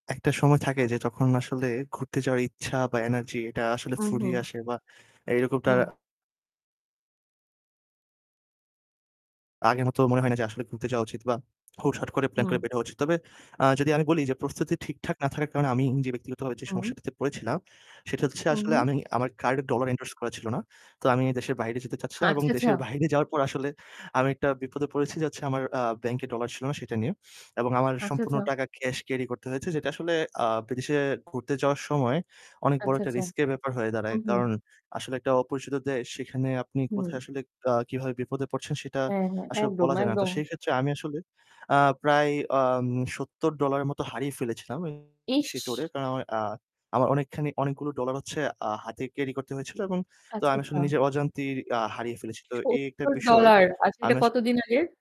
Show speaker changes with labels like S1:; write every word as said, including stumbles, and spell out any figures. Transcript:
S1: একটা সময় থাকে যে তখন আসলে ঘুরতে যাওয়ার ইচ্ছা বা energy এটা আসলে
S2: উ হু।
S1: ফুরিয়ে আসে বা এইরকমটা
S2: হু।
S1: আগের মত মনে হয় না যে আসলে ঘুরতে যাওয়া উচিত বা হুটহাট করে প্ল্যান করে
S2: হু।
S1: বের হওয়া উচিত। তবে আ যদি আমি বলি যে, পরিস্থিতি ঠিকঠাক না থাকার কারণে আমি যে ব্যক্তিগতভাবে যে
S2: উ
S1: সমস্যাটিতে পড়েছিলাম সেটা হচ্ছে
S2: হু,
S1: আসলে
S2: হু।
S1: আমি আমার কার্ডে ডলার endorse করা ছিল না। তো আমি দেশের বাইরে যেতে চাচ্ছিলাম এবং
S2: হাচ্ছা, আচ্ছা।
S1: দেশের বাইরে যাওয়ার পর আসলে আমি একটা বিপদে পড়েছি যে হচ্ছে আমার আ ব্যাংকে ডলার ছিল না সেটা নিয়ে এবং আমার
S2: আচ্ছা,
S1: সম্পূর্ণ
S2: আচ্চাচা।
S1: টাকা cash carry করতে হয়েছে। যেটা আসলে আ বিদেশে ঘুরতে যাওয়ার সময় অনেক বড়
S2: আচ্ছা,
S1: একটা
S2: আচ্চাচা।
S1: risk এর ব্যাপার হয়ে
S2: উ
S1: দাঁড়ায়।
S2: হু।
S1: কারণ আসলে একটা অপরিচিত দেশ সেখানে আপনি কোথায়
S2: হুম।
S1: আসলে আ কিভাবে বিপদে পড়ছেন সেটা
S2: এ হ্যাঁ,
S1: আসলে
S2: একদম,
S1: বলা যায় না। তো
S2: একদম।
S1: সেই ক্ষেত্রে আমি আসলে আ প্রায় আম সত্তর ডলার এর মতো হারিয়ে ফেলেছিলাম [unintelligible] সেই ট্যুরে।
S2: ইশ!
S1: কারণ আমার আ আমার অনেকখানি অনেকগুলো ডলার হচ্ছে আ হাতে carry করতে হয়েছিল এবং তো
S2: আচ্ছা,
S1: আমি আসলে
S2: আচ্ছা।
S1: নিজের অজান্তেই আ হারিয়ে ফেলেছি। তো এই একটা
S2: সত্তর
S1: বিষয়
S2: ডলার আচ্ছা
S1: আমি
S2: এটা
S1: আস
S2: কতদিন আগের?